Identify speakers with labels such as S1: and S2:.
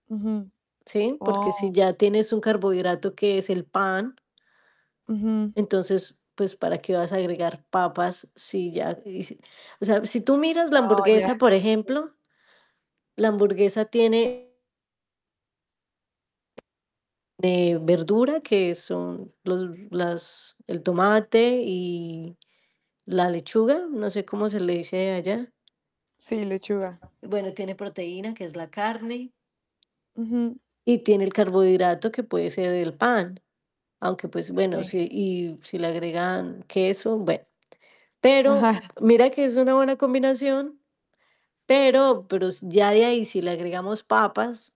S1: Ujú,
S2: ¿Sí? Porque si
S1: Oh.
S2: ya tienes un carbohidrato que es el pan
S1: Ujú.
S2: entonces, pues para qué vas a agregar papas, si ya Y si, o sea, si tú miras la
S1: Wao, ya,
S2: hamburguesa, por
S1: sí.
S2: ejemplo la hamburguesa tiene de verdura, que son, los las el tomate y la lechuga, no sé cómo se le dice allá.
S1: Sí, lechuga.
S2: Bueno, tiene proteína que es la carne
S1: Ujú.
S2: y tiene el carbohidrato que puede ser el pan, aunque pues bueno,
S1: Sí.
S2: si y si le agregan queso, bueno Pero
S1: Ajá.
S2: mira que es una buena combinación, pero pero ya de ahí si le agregamos papas.